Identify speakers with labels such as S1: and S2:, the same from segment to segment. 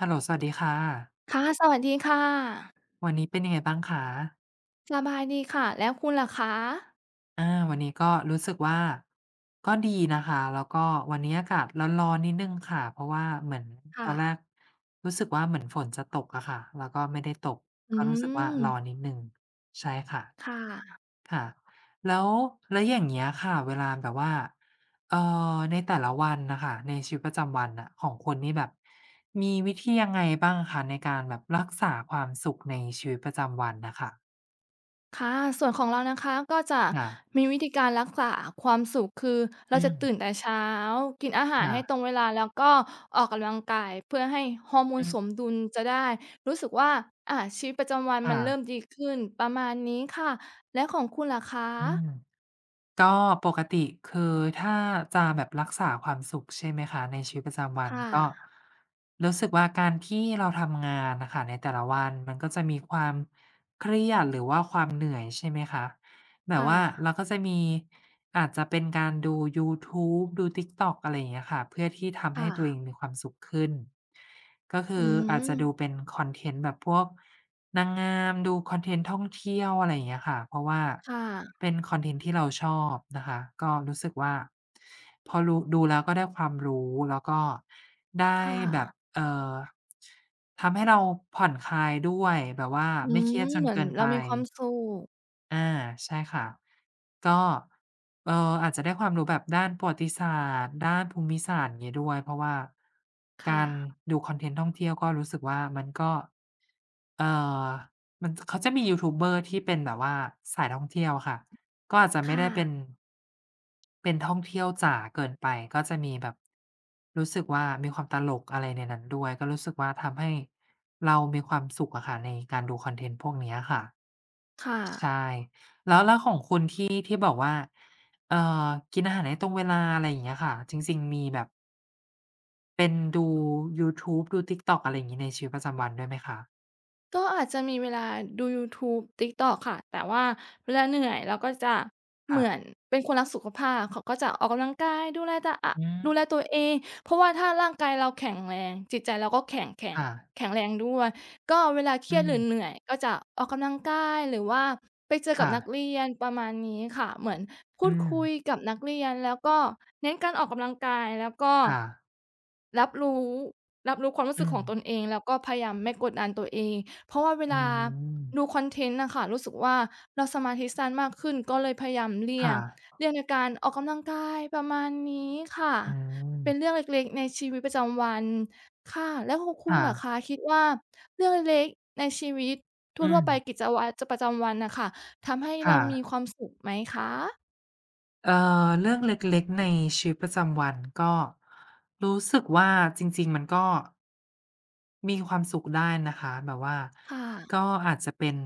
S1: เฮลโล สวัสดีค่ะ
S2: ค่ะ สวัสดีค่ะ
S1: วันนี้เป็นยังไงบ้างคะ?
S2: สบายดีค่ะ แล้วคุณล่ะคะ?
S1: อา วันนี้ก็รู้สึกว่า ก็ดีนะคะ แล้วก็วันนี้อากาศร้อน ๆ นิดหนึ่งค่ะ เพราะว่าเหมือน
S2: ค่
S1: ตอนแร
S2: ะ
S1: กรู้สึกว่า เหมือนฝนจะตกอะค่ะ แล้วก็ไม่ได้ตก
S2: อื
S1: ก็รู้สึกว่าร
S2: ม
S1: ้อนนิดหนึ่ง ใช่ค่ะ
S2: ค่ะ
S1: ค่ะ แล้ว แล้วอย่างเงี้ยค่ะ เวลาแบบว่า เอ่อ ในแต่ละวันน่ะค่ะ ในชีวิตประจำวันน่ะ ของคุณนี่แบบมีวิธียังไงบ้างคะ ในการแบบรักษาความสุขในชีวิตประจำวันน่ะค่ะ?
S2: ค่ะ ส่วนของเรานะคะ ก็จะ
S1: ค่ะ
S2: มีวิธีการรักษาความสุข คือเร
S1: อ
S2: า
S1: ื
S2: จะตื
S1: ม
S2: ่นแต่เช้า กินอาหา
S1: ค
S2: ร
S1: ่
S2: ให้
S1: ะ
S2: ตรงเวลา แล้วก็ออกกำลังกายเพื่อให้ฮอร์โม
S1: อ
S2: น
S1: ื
S2: ส
S1: ม
S2: มดุล จะได้รู้สึกว่า อะ ชีวิตประจำวัน
S1: ค่
S2: มันเริ่
S1: ะ
S2: มดีขึ้น ประมาณนี้ค่ะ แล้วของคุณล่ะค
S1: อื
S2: ะ?
S1: ม ก็ปกติ คือถ้าจะแบบรักษาความสุข ใช่ไหมคะ ในชีวิตประจำวั
S2: ค
S1: น
S2: ่
S1: ก็
S2: ะ
S1: รู้สึกว่า การที่เราทำงานอะค่ะ ในแต่ละวันมันก็จะมีความเครียด หรือว่าความเหนื่อย ใช่ไหมคะ แต
S2: ค
S1: ่
S2: ่
S1: ว่าเร
S2: ะ
S1: าก็จะมีอาจจะเป็นการดูยูทูบ ดู TikTok อะไรอย่างเงี้ยค่ะ เพื่อที่ท
S2: ค
S1: ำให
S2: ่
S1: ้ตัว
S2: ะ
S1: เองมีความสุขขึ้น ก็ค
S2: อื
S1: ืออาจจะดู
S2: ม
S1: เป็นคอนเทนต์แบบพวกนางงาม ดูคอนเทนต์ท่องเที่ยว อะไรอย่างเงี้ยค่ะ เพราะว่า
S2: ค่ะ
S1: เป็นคอนเทนต์ที่เราชอบนะคะ ก็รู้สึกว่าพอรู ดูแล้วก็ได้ความรู้ แล้วก็ได้
S2: ค่
S1: แบบ
S2: ะ
S1: เอ่อ ทำให้เราผ่อนคลายด้วย แบบว่า
S2: อื
S1: ไม่เ
S2: ม
S1: ครียดจ
S2: เ
S1: น
S2: หมือ
S1: เก
S2: น
S1: ิน
S2: เร
S1: ไ
S2: า
S1: ป
S2: มีความสุข
S1: อ่า ใช่ค่ะ ก็ เอ่อ อาจจะได้ความรู้แบบด้านประวัติศาสตร์ ด้านภูมิศาสตร์อย่างงี้ด้วย เพราะว่า
S2: ค
S1: กา
S2: ่
S1: ร
S2: ะ
S1: ดูคอนเทนต์ท่องเที่ยวก็รู้สึกว่า มันก็ เอ่อ มัน จ เขาจะมียูทูบเบอร์ที่เป็นแบบว่าสายท่องเที่ยวค่ะ ก็อาจจะ
S2: ค
S1: ไม่
S2: ่
S1: ได้เป็
S2: ะ
S1: น เป็นท่องเที่ยวจ๋าเกินไป ก็จะมีแบบ รู้สึกว่ามีความตลกอะไรในนั้นด้วย ก็รู้สึกว่าทำให้เรามีความสุขอะค่ะ ในการดูคอนเทนต์พวกเนี้ยค่ะ
S2: ค่
S1: ใช
S2: ะ
S1: ่ แล้ว แล้วของคุณที่ ที่ บอกว่า เอ่อ กินอาหารให้ตรงเวลา อะไรอย่างเงี้ยค่ะ จริง ๆ มีแบบ? เป็นดูยูทูบ ดู TikTok อะไรอย่างงี้ในชีวิตประจำวันด้วยไหมคะ?
S2: ก็อาจจะมีเวลาดูยูทูบ TikTok ค่ะ แต่ว่าเวลาเหนื่อย เราก็จะเ
S1: ค
S2: หม
S1: ่
S2: ือน
S1: ะ
S2: เป็นคนรักสุขภาพ เขาก็จะออกกำลังกาย ดูแลตะอะ
S1: อื
S2: ด
S1: ม
S2: ูแลตัวเอง เพราะว่าถ้าร่างกายเราแข็งแรง จิตใจเราก็แข็ง แข็
S1: ค
S2: ง
S1: ่ะ
S2: แข็งแรงด้วย ก็เวลาเคร
S1: อื
S2: ียดหรื
S1: ม
S2: อเหนื่อยก็จะออกกำลังกาย หรือว่าไปเจอ
S1: ค
S2: กับ
S1: ่
S2: นัก
S1: ะ
S2: เรียนประมาณนี้ค่ะ เหมือนพ
S1: อ
S2: ู
S1: ื
S2: ดคุย
S1: ม
S2: กับนักเรียน แล้วก็เน้นการออกกำลังกาย แล้วก็
S1: ค่ะ
S2: รับรู้ รับรู้ความรู้
S1: อื
S2: สึกของ
S1: ม
S2: ตนเอง แล้วก็พยายามไม่กดดันตัวเอง เพราะว่าเว
S1: อื
S2: ลา
S1: ม
S2: ดูคอนเทนต์น่ะค่ะ รู้สึกว่าเราสมาธิสั้นมากขึ้นก็เลยพยายามเลี่
S1: ค
S2: ย
S1: ่
S2: ง
S1: ะ
S2: เลี่ยงในการออกกำลังกายประมาณนี้ค่ะ
S1: อ
S2: เป็
S1: ืม
S2: นเรื่องเล็ก ๆ ในชีวิตประจำวัน ค่ะ แล้วของค
S1: ค
S2: ุณ
S1: ่
S2: ล่ะค
S1: ะ
S2: ะ คิดว่าเรื่องเล็ก ๆ ในชีวิตท
S1: อื
S2: ั่ว ๆ ไป
S1: ม
S2: กิจวัตรจะ ประจำวันน่ะค่ะ ทำให้
S1: ค
S2: เร
S1: ่
S2: ามี
S1: ะ
S2: ความสุขไหมคะ?
S1: เอ่อ เรื่องเล็ก ๆ ในชีวิตประจำวัน ก็ รู้สึกว่า จริง ๆ มันก็ มีความสุขได้นะคะ แบบว่า
S2: ค่
S1: ก
S2: ะ
S1: ็อาจจะเป็น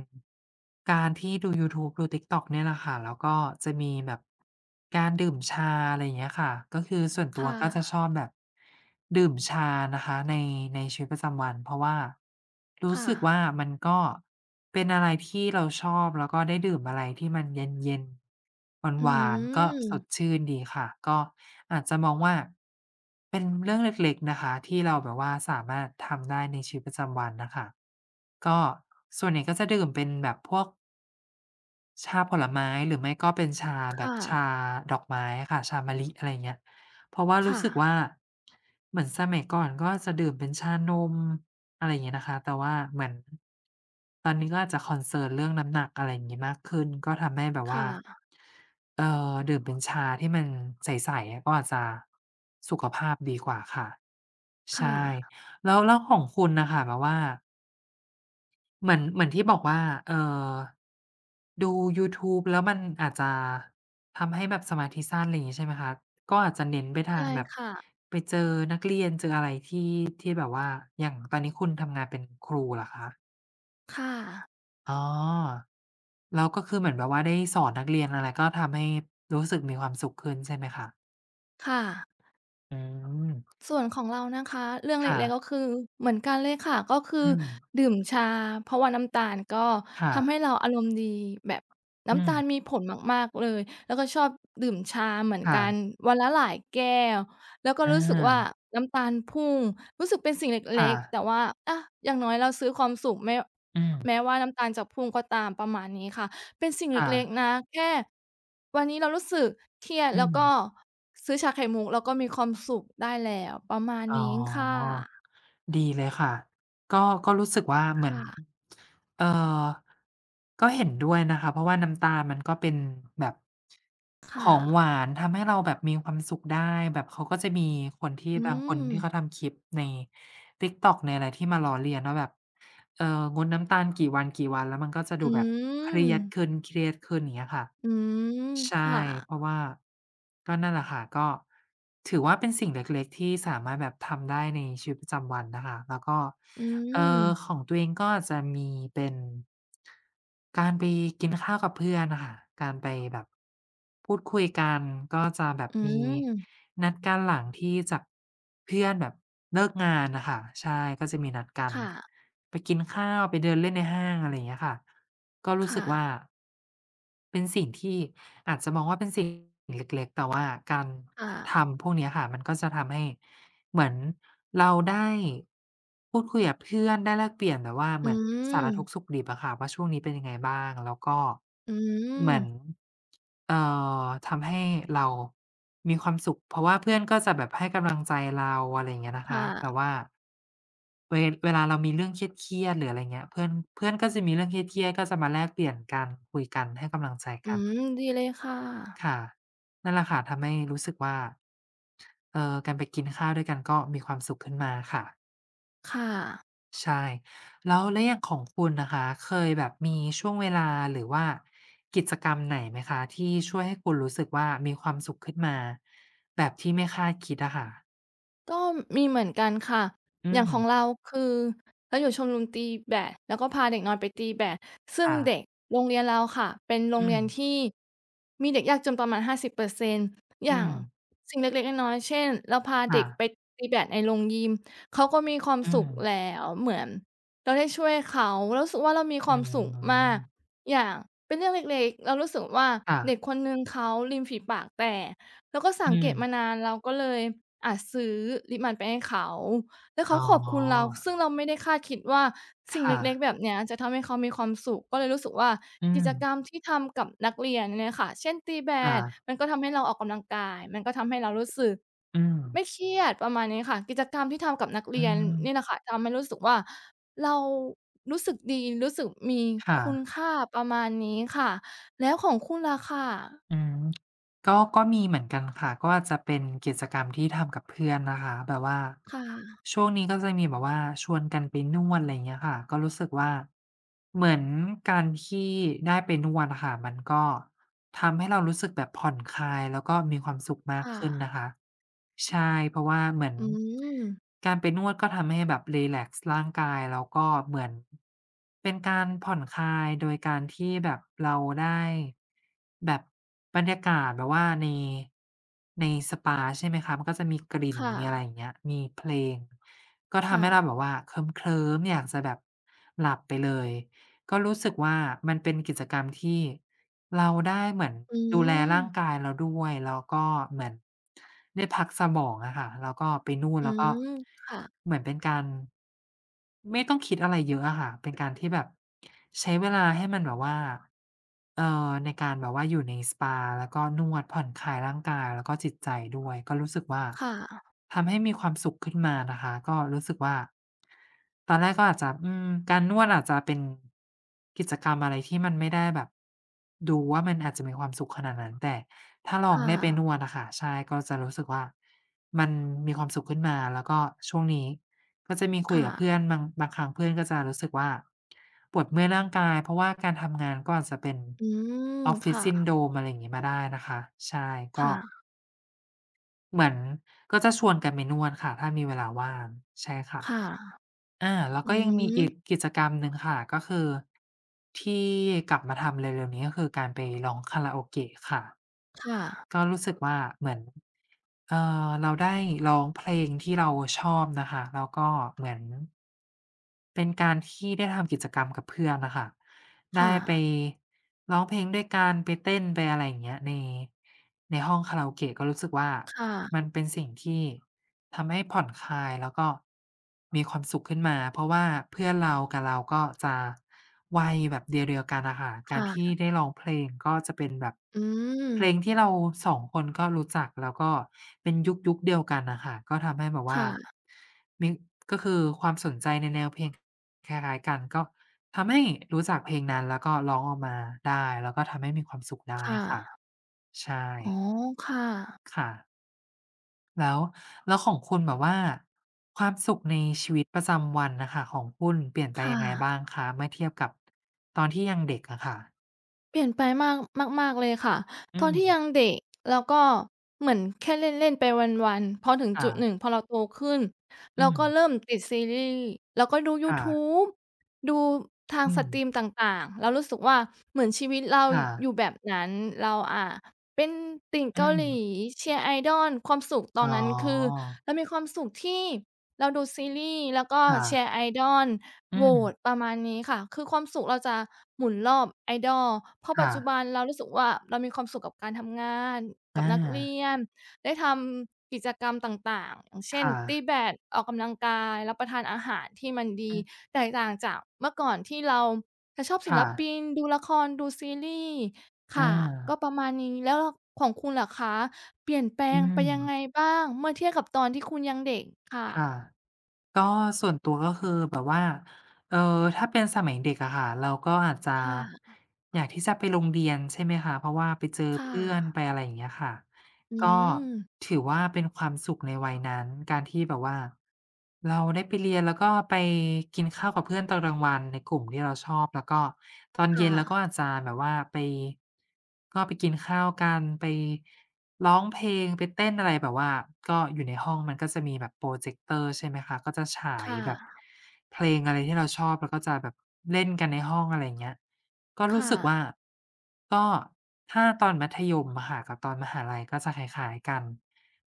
S1: การที่ดูยูทูบ ดู TikTok เนี่ยแหละค่ะ แล้วก็จะมีแบบ การดื่มชา อะไรอย่างเงี้ยค่ะ ก็คือส่วนต
S2: ค
S1: ั
S2: ่
S1: วก็จะ
S2: ะ
S1: ชอบแบบ ดื่มชานะคะ ใน ในชีวิตประจำวัน เพราะว่า รู
S2: ค
S1: ้
S2: ่
S1: สึกว่
S2: ะ
S1: า มันก็เป็นอะไรที่เราชอบ แล้วก็ได้ดื่มอะไรที่มันเย็น ๆ
S2: อื
S1: หวาน ๆ ก็สด
S2: อ
S1: ชื่นดีค่ะ ก็อาจจะมองว่า เป็นเรื่องเล็ก ๆ นะคะ ที่เราแบบว่าสามารถทำได้ในชีวิตประจำวันน่ะค่ะ ก็ส่วนใหญ่ ก็จะดื่มเป็นแบบพวก ชาผลไม้ หรือไม่ก็เป็นชาแ
S2: ค
S1: บ
S2: ่
S1: บช
S2: ะ
S1: าดอกไม้อะค่ะ ชามะลิ อะไรเงี้ย เพราะว่า
S2: ค
S1: รู
S2: ่
S1: ้สึกว่
S2: ะ
S1: า เหมือนสมัยก่อนก็จะดื่มเป็นชานม อะไรเงี้ยนะคะ แต่ว่าเหมือน ตอนนี้ก็อาจจะ concern เรื่องน้ำหนัก อะไรอย่างงี้ มากขึ้นก็ทำให้แบบ
S2: ค
S1: ว
S2: ่
S1: ่า
S2: ะ
S1: เอ่อ ดื่มเป็นชาที่มันใส ๆ ก็อาจจะสุขภาพดีกว่าค่ะ
S2: ค
S1: ใช
S2: ่
S1: ่
S2: ะ
S1: แล้ว แล้วของคุณน่ะค่ะ แบบว่า เหมือน เหมือนที่บอกว่า เอ่อ ดูยูทูบ แล้วมันอาจจะทำให้แบบสมาธิสั้น อะไรอย่างงี้ ใช่ไหมคะ ก็อาจจะเน้นไปท
S2: ใช
S1: าง
S2: ่
S1: แบบ
S2: ค่ะ
S1: ไปเจอนักเรียนเจออะไรที่ ที่แบบว่า อย่างตอนนี้คุณทำงานเป็นครูเหรอคะ?
S2: ค่ะ
S1: อ๋อ แล้วก็คือเหมือนแบบว่าได้สอนนักเรียนอะไร ก็ทำให้รู้สึกมีความสุขขึ้นใช่ไหมคะ?
S2: ค่ะ
S1: อืม
S2: ส่วนของเรานะคะ เรื่อง
S1: ค
S2: เล็ก
S1: ่ะ
S2: ๆ ก็คือเหมือนกันเลยค่ะ ก็คือ
S1: อืม
S2: ดื่มชา เพราะว่าน้ำตาลก็
S1: ค่
S2: ทำให
S1: ะ
S2: ้เราอารมณ์ดี แบบน
S1: อ
S2: ้
S1: ื
S2: ำตาล
S1: ม
S2: มีผลมาก ๆ เลย แล้วก็ชอบดื่มชาเหมือน
S1: ค่
S2: กัน
S1: ะ
S2: วันละหลายแก้ว แล้วก็
S1: อ
S2: รู้สึกว่า
S1: า
S2: น้ำตาลพุ่งรู้สึกเป็นสิ่งเ
S1: ค
S2: ล
S1: ่
S2: ็ก ๆ แ
S1: ะ
S2: ต่ว่า อะ อย่างน้อยเราซื้อความสุข แม้
S1: อืม
S2: แม้ว่าน้ำตาลจะพุ่งก็ตาม ประมาณนี้ค่ะ เป็นสิ่งเ
S1: ค่
S2: ล็
S1: ะ
S2: ก ๆ นะ แค่ วันนี้เรารู้สึกเครียด
S1: อื
S2: แล้วก็
S1: ม
S2: ซื้อชาไข่มุก แล้วก็มีความสุขได้แล้ว ประมาณ
S1: อ๋
S2: น
S1: อ
S2: ี้ค่ะ
S1: ดีเลยค่ะ ก็ ก็รู้สึกว่าเ
S2: ค
S1: หมื
S2: ่
S1: อน
S2: ะ
S1: เอ่อ ก็เห็นด้วยนะคะ เพราะว่าน้ำตาลมันก็เป็นแบบ
S2: ค่
S1: ของห
S2: ะ
S1: วาน ทำให้เราแบบมีความสุขได้ แบบเขาก็จะมีคนที่
S2: อื
S1: บางคน ที่
S2: ม
S1: เขาทำคลิปใน TikTok ในอะไร ที่มาล้อเลียนว่าแบบ เอ่อ งดน้ำตาลกี่วัน ๆ แล้วมันก็จะ
S2: อ
S1: ดูแบบเครียด
S2: ืม
S1: ขึ้น เครียดขึ้น อย่างเงี้ยค่ะ
S2: อืม
S1: ใช่
S2: ค่ะ
S1: เพราะว่า ก็นั่นแหละค่ะ ก็ ถือว่าเป็นสิ่งเล็ก ๆ ที่สามารถแบบทำได้ในชีวิตประจำวันนะคะ แล้วก็
S2: อื
S1: เอ่อ
S2: ม
S1: ของตัวเองก็อาจจะมีเป็น การไปกินข้าวกับเพื่อนอะค่ะ การไปแบบ พูดคุยกัน ก็จะแบ
S2: อ
S1: บ
S2: ื
S1: มี
S2: ม
S1: นัดกันหลังที่จาก เพื่อนแบบเลิกงานน่ะค่ะ ใช่ ก็มีนัดกั
S2: ค
S1: น
S2: ่ะ
S1: ไปกินข้าว ไปเดินเล่นในห้าง อะไรอย่างเงี้ยค่ะ ก็ร
S2: ค
S1: ู้ส
S2: ่
S1: ึกว่
S2: ะ
S1: า เป็นสิ่งที่อาจจะมองว่าเป็นสิ่งเล็ก ๆ แต่ว่าการ
S2: ค่ะ
S1: ทำพวกนี้อะค่ะ มันก็จะทำให้เหมือนเราได้พูดคุยกับเพื่อน ได้แลกเปลี่ยนแบบว่า
S2: อ
S1: เห
S2: ื
S1: มือนสารทุก
S2: ม
S1: ข์สุขดิบอะค่ะว่า ช่วงนี้เป็นยังไงบ้าง แล้วก็
S2: อ
S1: เหมือ
S2: ื
S1: น
S2: ม
S1: เอ่อ ทำให้เรามีความสุข เพราะว่าเพื่อนก็จะแบบให้กำลัง ใจเรา อะไรอย่างเงี้ยนะ
S2: ค
S1: ค
S2: ่
S1: ะ แบ
S2: ะ
S1: บว่า เว เวลาเรามีเรื่องเครียด ๆ หรือ อะไรอย่างเงี้ย เพื่อน เพื่อนก็จะมีเรื่องเครียด ๆ ก็จะมาแลกเปลี่ยนกัน คุยกัน ให้กำลังใจ
S2: อื
S1: กัน
S2: ม ดีเลยค่ะ
S1: ค่ะ นั่นแหละค่ะ ทำให้รู้สึกว่า เอ่อ การไปกินข้าวด้วยกันก็มีความสุขขึ้นมาค่ะ
S2: ค่ะ
S1: ใช่ แล้ว แล้วอย่างของคุณนะคะ เคยแบบมีช่วงเวลาหรือว่ากิจกรรมไหนไหมคะ ที่ช่วยให้คุณรู้สึกว่า มีความสุขขึ้นมาแบบที่ไม่คาดคิดอะค่ะ?
S2: ก็มีเหมือนกันค่ะ
S1: อื
S2: อย่างขอ
S1: ม
S2: งเรา คือ เราอยู่ชมรมตีแบด แล้วก็พาเด็กน้อยไปตีแบด ซึ่
S1: ค
S2: ง
S1: ่
S2: เ
S1: ะ
S2: ด็กโรงเรียนเราค่ะ เป็นโร
S1: อื
S2: งเรียน
S1: ม
S2: ที่มีเด็กยากจนประมาณ 50%
S1: อ
S2: อ
S1: ื
S2: ย่าง
S1: ม
S2: สิ่งเล็ก ๆ น้อย ๆ เช่น เราพา
S1: ค
S2: เ
S1: ่
S2: ด็ก
S1: ะ
S2: ไปตีแบดในโรงยิมเขาก็มีความ
S1: อื
S2: สุข
S1: ม
S2: แล้ว เหมือนเราได้ช่วยเขา เรารู้สึกว่า เรามีค
S1: อื
S2: วามสุขมาก
S1: ม
S2: อย่างเป็นเรื่องเล็ก ๆ เรารู้สึกว่า
S1: ค่
S2: เด
S1: ะ
S2: ็กคนหนึ่งเขาริมฝีปากแตก เราก็ส
S1: อ
S2: ั
S1: ื
S2: งเกตม
S1: ม
S2: านาน เราก็เลย อะ ซื้อลิปมันไปให้เขา แล้วเข
S1: อ
S2: า
S1: ๋
S2: ขอบคุณเรา
S1: อ
S2: ซึ่งเราไม่ได้คาดคิดว่าส
S1: ค
S2: ิ่งเ
S1: ่
S2: ล็ก
S1: ะ
S2: ๆ แบบเนี้ยจะทำให้เขามีความสุข ก็เลยรู้สึกว่า
S1: อื
S2: กิจก
S1: ม
S2: รรมที่ทำกับนักเรียนเนี่ยค่ะ เช่น ตีแบ
S1: ค่
S2: ด
S1: ะ
S2: มันก็ทำให้เราออกกำลังกาย มันก็ทำให้เรารู้สึก
S1: อื
S2: ไ
S1: ม
S2: ม่เครียด ประมาณนี้ค่ะ กิจกรรมที่ทำกับนักเ
S1: อ
S2: ร
S1: ื
S2: ียน
S1: ม
S2: นี่แหละค่ะ ทำให้รู้สึกว่า เรารู้สึกดี รู้สึกมี
S1: ค่
S2: คุณ
S1: ะ
S2: ค่า ประมาณนี้ค่ะ แล้วของคุณละค่ะ?
S1: อืม ก็ ก็มีเหมือนกันค่ะ ก็จะเป็นกิจกรรมที่ทำกับเพื่อนนะคะ แบบว่า
S2: ค่ะ
S1: ช่วงนี้ก็จะมีแบบว่าชวนกันไปนวด อะไรอย่างเงี้ยค่ะ ก็รู้สึกว่า เหมือนการขี้ได้ไปนวดอะค่ะ มันก็ทำให้เรารู้สึกแบบผ่อนคลาย แล้วก็มีความสุขมา
S2: ค
S1: ก
S2: ่
S1: ขึ้น
S2: ะ
S1: นะคะ ใช่ เพราะว่าเหมือน
S2: อืม
S1: การไปนวดก็ทำให้แบบรีแลกซ์ร่างกาย แล้วก็เหมือนเป็นการผ่อนคลายโดยการที่แบบเราได้ แบบบรรยากาศแบบว่าใน ในสปา ใช่ไหมคะ มันก็จะมีกลิ่น
S2: ค่
S1: มีอะไร
S2: ะ
S1: อย่างเงี้ย มีเพลง ก็ท
S2: ค่
S1: ำให้เรา
S2: ะ
S1: แบบว่าเคลิ้ม ๆ อยากจะแบบหลับไปเลย ก็รู้สึกว่า มันเป็นกิจกรรมที่เราได้เหมือน
S2: อื
S1: ดูแลร่าง
S2: ม
S1: กายเราด้วย แล้วก็เหมือนได้พักสมองอะค่ะ แล้วก็ไปนู่น
S2: อื
S1: แล้วก็
S2: ม ค่ะ
S1: เหมือนเป็นการ ไม่ต้องคิดอะไรเยอะอะค่ะ เป็นการที่แบบใช้เวลาให้มันแบบว่า เอ่อ ในการแบบว่าอยู่ในสปา แล้วก็นวดผ่อนคลายร่างกายแล้วก็จิตใจด้วย ก็รู้สึกว่า
S2: ค่ะ
S1: ทำให้มีความสุขขึ้นมานะคะ ก็รู้สึกว่า ตอนแรกก็อาจจะ อืม การนวดอาจจะเป็นกิจกรรมอะไรที่มันไม่ได้แบบดูว่ามันอาจจะมีความสุขขนาดนั้น แต่ถ้าล
S2: ค
S1: อง
S2: ่
S1: ได้ไป
S2: ะ
S1: นวดอะค่ะ ใช่ ก็จะรู้สึกว่ามันมีความสุขขึ้นมา แล้วก็ช่วงนี้ก็จะมีค
S2: ค
S1: ุย
S2: ่
S1: กับเพื่
S2: ะ
S1: อนมั้ง บางครั้งเพื่อนก็จะรู้สึกว่าปวดเมื่อยร่างกาย เพราะว่าการทำงานก็อาจจะเป็น
S2: อืม ค่
S1: Office
S2: ะ
S1: Syndrome อะไรอย่างงี้ มาได้นะคะ ใช่ ก
S2: ค
S1: ็
S2: ่ะ
S1: เหมือนก็จะชวนกันไปนวดค่ะ ถ้ามีเวลาว่าง ใช่ค่
S2: ค
S1: ะ
S2: ่ะ
S1: อา แล้ว
S2: อื
S1: ก็ยังมี
S2: ม
S1: อีกกิจกรรมหนึ่งค่ะ ก็คือ ที่กลับมาทำเร็ว ๆ นี้ ก็คือการไปร้องคาราโอเกะค่ะ
S2: ค่ะ
S1: ก็รู้สึกว่าเหมือน เอ่อ เราได้ร้องเพลงที่เราชอบน่ะค่ะ แล้วก็เหมือน เป็นการที่ได้ทำกิจกรรมกับเพื่อนน่ะค่ะ
S2: ค
S1: ได
S2: ่
S1: ้ไป
S2: ะ
S1: ร้องเพลงด้วยกัน ไปเต้น ไป อะไรอย่างเงี้ย ใน ในห้องคาราโอเกะ ก็รู้สึกว่า
S2: ค่ะ
S1: มันเป็นสิ่งที่ทำให้ผ่อนคลาย แล้วก็ มีความสุขขึ้นมา เพราะว่าเพื่อนเรากับเราก็จะวัยแบบเดียว ๆ กันอะค่ะ ก
S2: ค
S1: าร
S2: ่
S1: ที่
S2: ะ
S1: ได้ร้องเพลง ก็จะเป็นแบบ
S2: อื
S1: เพล
S2: ม
S1: งที่เรา 2 คนก็รู้จัก แล้วก็เป็น ยุค ยุคเดียวกันน่ะค่ะ ก็ทำให้แบบว
S2: ค
S1: ่
S2: ่
S1: า
S2: ะ
S1: มี ก็คือความสนใจในแนวเพลงคล้าย ๆ กัน ก็ทำให้รู้จักเพลงนั้น แล้วก็ร้องออกมาได้ แล้วก็ทำให้มีความสุขได
S2: ค
S1: ้
S2: ่
S1: ค่ะ
S2: ะ
S1: ใช
S2: อ๋อ
S1: ่
S2: ค่ะ
S1: ค่ะ แล้ว แล้วของคุณแบบว่า ความสุขในชีวิตประจำวันน่ะค่ะของคุณ เปลี่ยนไป
S2: ค่
S1: ยังไงบ้า
S2: ะ
S1: งคะ? เมื่อเทียบกับตอนที่ยังเด็กอะค่ะ
S2: เปลี่ยนไปมาก มาก ๆ เลยค่ะ
S1: อื
S2: ตอนที่ย
S1: ม
S2: ังเด็ก แล้วก็ เหมือนแค่เล่น ๆ ไปวัน ๆ พอถึง
S1: ค่
S2: จุดห
S1: ะ
S2: นึ่ง พอเราโตขึ้น
S1: อ
S2: เ
S1: ื
S2: ราก็
S1: ม
S2: เริ่มติดซีรีส์ แล้วก็ดูย
S1: ค
S2: ู
S1: ่
S2: ท
S1: ะ
S2: ูบ ดูทาง
S1: อื
S2: ส
S1: ม
S2: ตรีมต่าง ๆ เรารู้สึกว่า เหมือนชีวิตเรา
S1: ค่ะ
S2: อยู่แบบนั้น เรา อ่า เป็นติ่งเ
S1: อื
S2: กาหลี
S1: ม
S2: เชียร์ Idol ความสุขตอ
S1: อ๋
S2: น
S1: อ
S2: นั้นคือ เรามีความสุขที่เราดูซีรีส์แล้วก็
S1: ค่
S2: เชี
S1: ะ
S2: ยร์ Idol
S1: อื
S2: โหวต
S1: ม
S2: ประมาณนี้ค่ะ คือความสุขเราจะหมุนรอบ Idol เพราะ
S1: ค
S2: ปั
S1: ่
S2: จจุ
S1: ะ
S2: บันเรารู้สึกว่า เรามีความสุขกับการทำงาน ก
S1: อ
S2: ับนักเรี
S1: า
S2: ยน ได้ทำกิจกรรมต่าง ๆ อย่างเช่
S1: ค
S2: น
S1: ่
S2: ต
S1: ะ
S2: ีแบด ออกกำลังกาย รับประทานอาหารที่มันด
S1: อื
S2: ี
S1: ม
S2: แตกต่างจากเมื่อก่อนที่เราจะชอบศ
S1: ค
S2: ิ
S1: ่
S2: ลป
S1: ะ
S2: ิน ดูละคร ดูซีรีส์ ค
S1: อ
S2: ่ะ ก็
S1: า
S2: ประมาณนี้ แล้ว ล ของคุณล่ะคะ? เปลี่ยนแปล
S1: อื
S2: งไปยังไ
S1: ม
S2: งบ้าง? เมื่อเทียบกับตอนที่คุณยังเด็ก ค่
S1: ค่ะ
S2: ะ
S1: ก็ ส่วนตัวก็คือแบบว่า เอ่อ ถ้าเป็นสมัยเด็กอะค่ะ เราก็อาจจะ
S2: ค่ะ
S1: อยากที่จะไปโรงเรียนใช่ไหมคะ เพราะว่าไปเจอ
S2: ค่
S1: เพื่อน
S2: ะ
S1: ไปอะไร อย่างเงี้ยค่ะ
S2: อื
S1: ก็
S2: ม
S1: ถือว่า เป็นความสุขในวัยนั้น การที่แบบว่าเราได้ไปเรียน แล้วก็ไปกินข้าวกับเพื่อนตอนกลางวันในกลุ่มที่เราชอบ แล้วก็ตอน
S2: ค
S1: เย
S2: ่
S1: ็นเราก็
S2: ะ
S1: อาจจะแบบว่าไป ก็ไปกินข้าวกัน ไปร้องเพลง ไปเต้นอะไร แบบว่าก็อยู่ในห้องมันก็จะมีแบบโพรเจกเตอร์ใช่ไหมคะ ก็จะฉา
S2: ค
S1: ย
S2: ่
S1: แบบ
S2: ะ
S1: เพลงอะไรที่เราชอบ แล้วก็จะแบบเล่นกันในห้อง อะไรอย่างเงี้ย ก็
S2: ค
S1: รู
S2: ่
S1: ้สึก
S2: ะ
S1: ว่า ก็ ถ้าตอนมัธยมอะค่ะกับตอนมหาลัยก็จะคล้าย ๆ กัน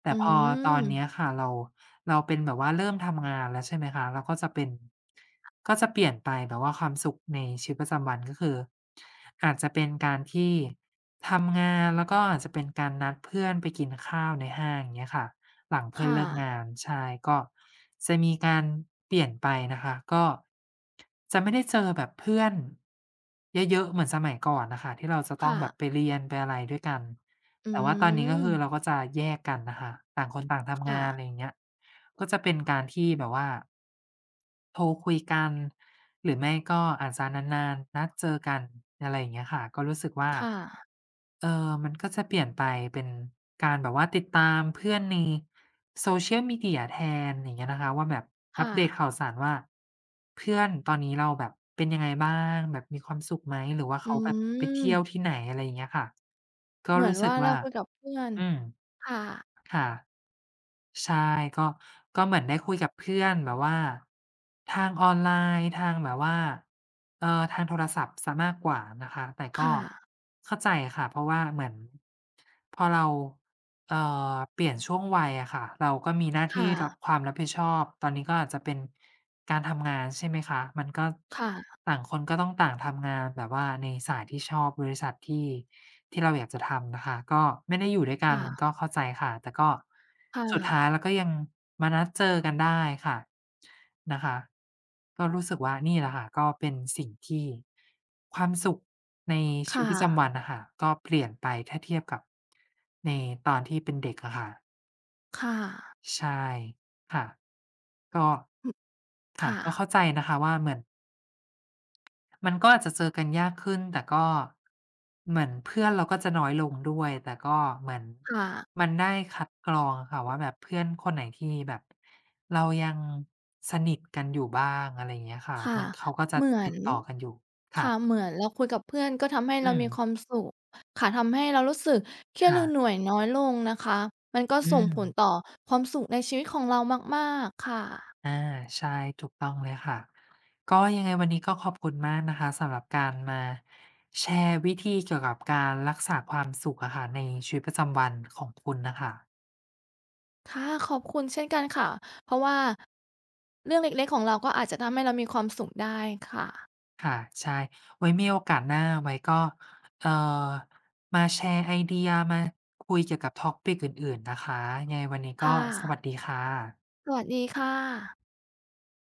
S1: แต
S2: อ
S1: ่พอตอนเน
S2: ื
S1: ี
S2: ม
S1: ้ยค่ะเรา เราเป็นแบบว่าเริ่มทำงานแล้วใช่ไหมคะ เราก็จะเป็น ก็จะเปลี่ยนไป แบบว่าความสุขในชีวิตประจำวันก็คือ อาจจะเป็นการที่ทำงาน แล้วก็อาจจะเป็นการนัดเพื่อนไปกินข้าวในห้าง เงี้ยค่ะ หลังเพ
S2: ค
S1: ื่อน
S2: ่
S1: เลิกง
S2: ะ
S1: าน ใช่ ก็จะมีการเปลี่ยนไปนะคะ ก็ จะไม่ได้เจอแบบเพื่อน เยอะ ๆ เหมือนสมัยก่อนน่ะค่ะ ที่เราจะ
S2: ค
S1: ต้อ
S2: ่
S1: งแ
S2: ะ
S1: บบไปเรียนไปอะไรด้วยกัน
S2: อื
S1: แต่ว่าตอนนี้ก็คือ
S2: ม
S1: เราก็จะแยกกันน่ะค่ะ ต่างคนต่างท
S2: ค
S1: ำง
S2: ่
S1: าน
S2: ะ
S1: ไรอย่างเงี้ย ก็จะเป็นการที่แบบว่า โทรคุยกัน หรือไม่ก็อาจจะนาน ๆ นัดเจอกัน อะไรอย่างเงี้ยค่ะ ก็รู้สึกว่า
S2: ค่ะ
S1: เออ มันก็จะเปลี่ยนไปเป็นการแบบว่าติดตามเพื่อนใน Social Media แทน อย่างเงี้ยนะคะว่า แบบ
S2: ค
S1: อั
S2: ่
S1: ปเดตข
S2: ะ
S1: ่าวสารว่า เพื่อนตอนนี้เราแบบ เป็นยังไงบ้าง แบบมีความสุขไหม หรือว่าเ
S2: อ
S1: ข
S2: ื
S1: าแบบไปเที่
S2: ม
S1: ยวที่ไหน อะไรอย่างเงี้ยค่ะ ก็
S2: เหมื
S1: ร
S2: อ
S1: ู
S2: น
S1: ้ส
S2: ว
S1: ึ
S2: ่
S1: ก
S2: าเ
S1: ว
S2: รา
S1: ่า
S2: คุยกับเพื่อน
S1: อืม
S2: ค่ะ
S1: ค่ะ ใช่ ก็ ก็เหมือนได้คุยกับเพื่อนแบบว่าทางออนไลน์ ทางแบบว่า เอ่อ ทางโทรศัพท์เสียมากกว่านะคะ แต่
S2: ค
S1: ก็
S2: ่ะ
S1: เข้าใจค่ะ เพราะว่าเหมือน พอเรา เอ่อ เปลี่ยนช่วงวัยอะค่ะ เราก็มีหน้า
S2: ค
S1: ท
S2: ่
S1: ี่รับ
S2: ะ
S1: ความรับผิดชอบ ตอนนี้ก็อาจจะเป็นการทำงาน ใช่ไหมคะ มันก็
S2: ค่ะ
S1: ต่างคนก็ต้องต่างทำงานแบบว่าในสายที่ชอบ บริษัท ที่ ที่เราอยากจะทำนะคะ ก็ไม่ได้อยู่ด้วยก
S2: ค
S1: ั
S2: ่
S1: น
S2: ะ
S1: ก็เข้าใจค่ะ แต่ก็
S2: ค่
S1: สุดท้า
S2: ะ
S1: ยเราก็ยังมานัดเจอกันได้ค่ะ นะคะ ก็รู้สึกว่านี่แหละค่ะ ก็เป็นสิ่งที่ ความสุขในช
S2: ค
S1: ีว
S2: ่
S1: ิตประจ
S2: ะ
S1: ำวันน่ะค่ะก็เปลี่ยนไป ถ้าเทียบกับในตอนที่เป็นเด็กอะค่ะ
S2: ค่ะ
S1: ใช่ ค่ะ ก็
S2: อือ
S1: ค
S2: ค
S1: ่ะ
S2: ่
S1: ก็
S2: ะ
S1: เข้าใจนะคะว่า เหมือน มันก็อาจจะเจอกันยากขึ้น แต่ก็ เหมือนเพื่อนเราก็จะน้อยลงด้วย แต่ก็เหมือน
S2: ค่ะ
S1: มันได้คัดกรองอะค่ะว่า แบบเพื่อนคนไหนที่แบบ เรายังสนิทกันอยู่บ้าง อะไรอย่างเงี้ยค่ะ
S2: ค่ะ
S1: มัน เขาก็จะ
S2: เหมือ
S1: ติ
S2: น
S1: ดต่อกันอยู่ ค
S2: ค
S1: ่
S2: ่ะ
S1: ะ
S2: เหมือนเราคุยกับเพื่อนก็ทำให้
S1: อ
S2: เ
S1: ื
S2: รามีค
S1: ม
S2: วามสุข ค่ะ ทำให้เรารู้สึกเครี
S1: ค
S2: ยด
S1: ่
S2: หรื
S1: ะ
S2: อเหนื่อยน้อยลงนะคะ มันก็
S1: อื
S2: ส่งผล
S1: ม
S2: ต่อความสุขในชีวิตของเรามาก ๆ ค่ะ
S1: อา ใช่ ถูกต้องเลยค่ะ ก็ ยังไงวันนี้ก็ขอบคุณมากนะคะสำหรับการมาแชร์วิธีเกี่ยวกับการรักษาความสุขอะค่ะในชีวิตประจำวันของคุณน่ะค่ะ
S2: ค่ะ ขอบคุณเช่นกันค่ะ เพราะว่า เรื่องเล็ก ๆ ของเราก็อาจจะทำให้เรามีความสุขได้ค่ะ
S1: ค่ะ ใช่ ไว้มีโอกาสหน้า ไว้ก็ เอ่อ มาแชร์ไอเดีย มาคุยเกี่ยวกับ topic อื่น ๆ นะคะ ยังไงวันนี้
S2: ค
S1: ก็
S2: ่
S1: สว
S2: ะ
S1: ัสดีค่ะ
S2: สวัสดีค่ะ